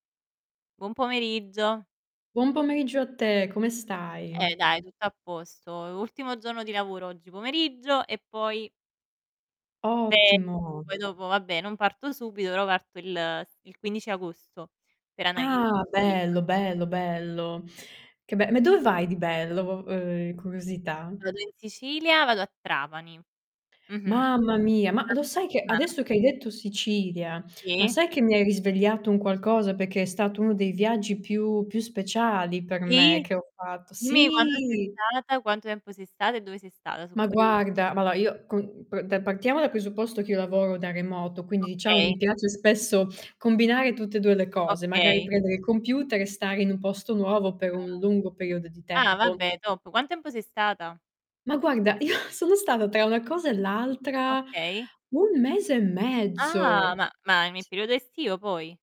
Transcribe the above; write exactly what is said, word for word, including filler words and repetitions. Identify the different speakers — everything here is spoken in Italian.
Speaker 1: Buon pomeriggio.
Speaker 2: Buon pomeriggio a te, come
Speaker 1: Eh,
Speaker 2: stai?
Speaker 1: dai tutto a posto. E ultimo giorno di lavoro oggi pomeriggio e poi ferie.
Speaker 2: Ottimo.
Speaker 1: Poi dopo vabbè non parto subito, però parto il s il quindici agosto per anda
Speaker 2: Ah,
Speaker 1: [unintelligible]
Speaker 2: bello, bello, bello. Che be ma dove vai di bello, v uhm, curiosità?
Speaker 1: Vado in Sicilia, vado a Trapani. Mh-mh.
Speaker 2: Mamma mia, ma lo sai che
Speaker 1: [unintelligible]
Speaker 2: adesso che hai detto Sicilia, ma
Speaker 1: Sì.
Speaker 2: sai che mi hai risvegliato un qualcosa, perché è stato uno dei viaggi più più speciali per me
Speaker 1: Sì
Speaker 2: che ho fatto
Speaker 1: dimmi quando sei
Speaker 2: sì!
Speaker 1: stata, quanto tempo sei stata e dove sei stata, so'
Speaker 2: Ma
Speaker 1: curio
Speaker 2: guarda, ma alloa io co mhmm, de partiamo dal presupposto che io lavoro da remoto, quindi diciamo
Speaker 1: Okay.
Speaker 2: mi piace spesso combinare tutte e due le cose, magari
Speaker 1: Okay.
Speaker 2: prendere il computer e stare in un posto nuovo per
Speaker 1: Ah.
Speaker 2: un lungo periodo di
Speaker 1: Ah,
Speaker 2: tempo.
Speaker 1: vabbè top, quan tempo sei stata?
Speaker 2: Ma guarda io sono stata tra una cosa e l'altra
Speaker 1: Okay.
Speaker 2: un mese e
Speaker 1: Ah,
Speaker 2: mezzo.
Speaker 1: ma ma nel
Speaker 2: S
Speaker 1: periodo estivo poi?